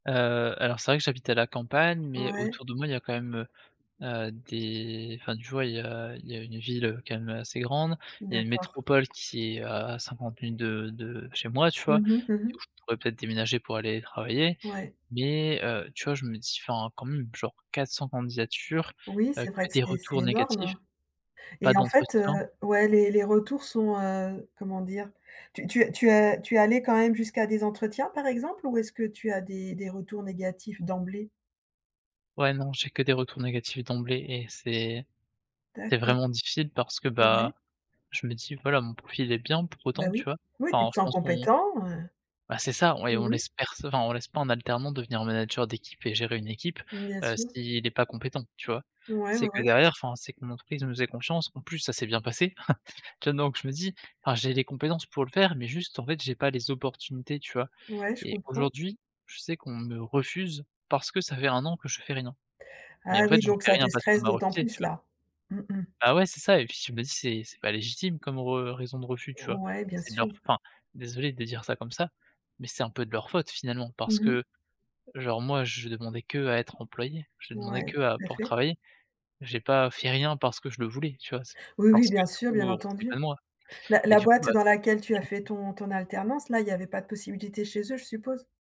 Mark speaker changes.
Speaker 1: Heu, alors c'est vrai que j'habite à la campagne, mais
Speaker 2: Ouais.
Speaker 1: autour de moi il y a quand même, heu heu, des enfin tu vois, il y a il y a une ville, heu, quand même, heu, assez grande, il y a une
Speaker 2: D'accord.
Speaker 1: métropole qui est à 50 minutes de de de chez moi, tu
Speaker 2: Mmh
Speaker 1: vois?
Speaker 2: mh. Mmh
Speaker 1: Où
Speaker 2: mh.
Speaker 1: je pourrais peut-être déménager pour aller travailler,
Speaker 2: Ouais.
Speaker 1: mais heu, tu vois je me dis enfin quand même genre 400 candidatures,
Speaker 2: Oui,
Speaker 1: heu,
Speaker 2: c'est vrai
Speaker 1: que
Speaker 2: que
Speaker 1: des
Speaker 2: c'est c'est
Speaker 1: retours négatifs,
Speaker 2: énorme
Speaker 1: pas
Speaker 2: et en fait, heu,
Speaker 1: d'entretien
Speaker 2: ouais les les retours sont, heu, comment dire, tu tu as tu es allée quand même jusqu'à des entretiens, par exemple, ou est-ce que tu as des des retours négatifs d'emblée?
Speaker 1: Ouais, non j'ai que des retours négatifs d'emblée et c'est c'est
Speaker 2: D'accord.
Speaker 1: vraiment difficile parce que,
Speaker 2: Au vue.
Speaker 1: bah, je me dis: «Voilà mon profil est bien pour
Speaker 2: Bah
Speaker 1: autant». Tu
Speaker 2: oui,
Speaker 1: vois?
Speaker 2: oui, puis
Speaker 1: Enfin
Speaker 2: tu te
Speaker 1: je
Speaker 2: sens
Speaker 1: pense qu'on
Speaker 2: compétent,
Speaker 1: Bah c'est ça et on
Speaker 2: heu
Speaker 1: laisse pers enfin on laisse pas un alternant devenir manager d'équipe et gérer une équipe,
Speaker 2: Bien
Speaker 1: heu,
Speaker 2: sûr.
Speaker 1: si il est pas compétent, tu vois?
Speaker 2: Ouais,
Speaker 1: C'est
Speaker 2: ouais,
Speaker 1: que
Speaker 2: ouais.
Speaker 1: derrière enfin c'est que mon entreprise nous faisait confiance, en plus, ça s'est bien passé. Tiens donc je me dis: «Enfin j'ai les compétences pour le faire mais juste en fait j'ai pas les opportunités» tu vois?
Speaker 2: Ouais, je
Speaker 1: Et
Speaker 2: comprends.
Speaker 1: aujourd'hui je sais qu'on me refuse parce que ça fait 1 an que je fais rien,
Speaker 2: Ah
Speaker 1: mais en fait,
Speaker 2: oui,
Speaker 1: je
Speaker 2: donc
Speaker 1: fais
Speaker 2: ça te
Speaker 1: rien parce qu'on
Speaker 2: stresse
Speaker 1: m'a
Speaker 2: d'autant
Speaker 1: refusé, tu
Speaker 2: plus
Speaker 1: vois?
Speaker 2: là mmh mh.
Speaker 1: Bah ouais c'est ça et puis je me dis c'est c'est pas légitime comme re raison de refus, tu vois?
Speaker 2: Ouais, bien
Speaker 1: C'est de leur f
Speaker 2: sûr.
Speaker 1: enfin désolé de dire ça comme ça, mais c'est un peu de leur faute finalement
Speaker 2: Mmh
Speaker 1: parce
Speaker 2: mh.
Speaker 1: que genre moi je demandais que à être employé, je demandais
Speaker 2: Ouais,
Speaker 1: que à
Speaker 2: tout à
Speaker 1: pouvoir
Speaker 2: fait.
Speaker 1: travailler, j'ai pas fait rien parce que je le voulais tu vois? C'est
Speaker 2: Oui, oui,
Speaker 1: parce que
Speaker 2: bien
Speaker 1: du
Speaker 2: sûr,
Speaker 1: coup,
Speaker 2: bien
Speaker 1: heu, on voulait pas
Speaker 2: entendu.
Speaker 1: de moi
Speaker 2: Bah
Speaker 1: et
Speaker 2: la
Speaker 1: du coup,
Speaker 2: boîte
Speaker 1: bah.
Speaker 2: dans laquelle tu as fait
Speaker 1: [unintelligible]
Speaker 2: ton ton alternance, là, il y avait pas de possibilité chez eux, je suppose?